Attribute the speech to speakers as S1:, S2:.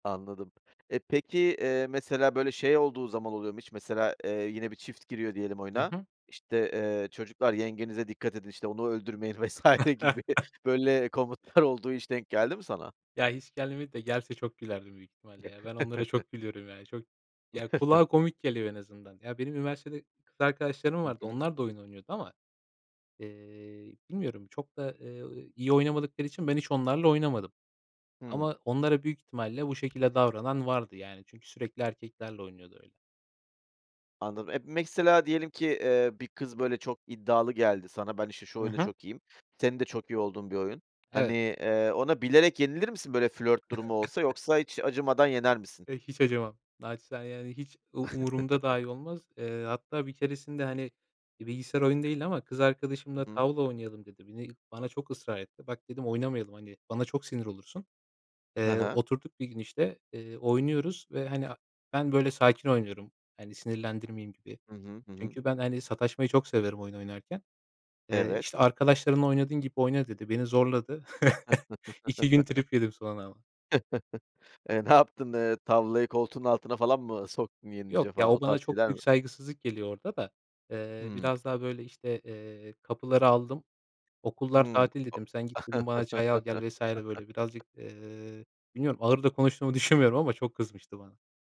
S1: Anladım. E, peki, eee, mesela, böyle, şey olduğu zaman oluyor mu hiç mesela, eee, yine bir çift giriyor diyelim
S2: Hı
S1: oyuna,
S2: hı.
S1: işte, eee, "Çocuklar yengenize dikkat edin, işte, onu öldürmeyin." vs. gibi böyle komutlar olduğu hiç denk geldi mi sana?
S2: Ya, hiç gelmedi de gelse çok gülerdim büyük ihtimalle, ya. Ben onlara çok gülüyorum, ya çok. Ya, kulağa komik geliyor en azından. Ya, benim üniversitede kız arkadaşlarım
S1: Hı
S2: vardı
S1: hı.
S2: onlar da oyun oynuyordu ama, eee, bilmiyorum çok da, eee, iyi oynamadıkları için ben hiç onlarla oynamadım.
S1: Hıı.
S2: Ama onlara büyük ihtimalle bu şekilde davranan vardı, yani. Çünkü sürekli erkeklerle oynuyordu öyle.
S1: Anladım. E, mesela, diyelim ki, eee, bir kız, böyle, çok iddialı geldi sana, “Ben, işte, şu
S2: Hı
S1: oyunda
S2: hı.
S1: çok iyiyim.” Senin de çok iyi olduğun bir oyun. Hani,
S2: Evet.
S1: eee, ona bilerek yenilir misin, böyle, flört durumu olsa yoksa hiç acımadan yener misin?
S2: Eee, hiç acımam. Naçizane, yani, hiç u umurumda dahi olmaz. Eee, hatta bir keresinde, hani, bir bilgisayar oyunu değildi ama kız arkadaşımla,
S1: Hı hı.
S2: "Tavla oynayalım." dedi, beni bana çok ısrar etti. “Bak,” dedim, “oynamayalım, hani, bana çok sinir olursun.”
S1: Ha
S2: Eee,
S1: ha.
S2: oturduk bir gün, işte, eee, oynuyoruz ve, hani, a ben, böyle, sakin oynuyorum. Hani, sinirlendirmeyeyim gibi.
S1: Hı hı, hı hı.
S2: Çünkü ben, hani, sataşmayı çok severim oyun oynarken. Eee,
S1: Evet.
S2: işte, “Arkadaşlarınla oynadığın gibi oyna.” dedi. Beni zorladı. 2 gün trip yedim sonra ama.
S1: Eee, ne yaptın, eee, tavlayı koltuğun altına falan mı soktun
S2: Yok
S1: yenince
S2: ya,
S1: falan? O
S2: o bana
S1: tarz
S2: çok
S1: şeyler
S2: büyük
S1: mi?
S2: saygısızlık geliyor orda da. Eee,
S1: Hıı.
S2: biraz daha, böyle, işte, eee, “Kapıları aldım, okullar
S1: Hı.
S2: tatil.” dedim. “Sen git,” dedim, “bana çay al gel.” vs. Böyle
S1: O
S2: birazcık, eee, bilmiyorum, ağır da konuştuğumu düşünmüyorum ama çok kızmıştı bana.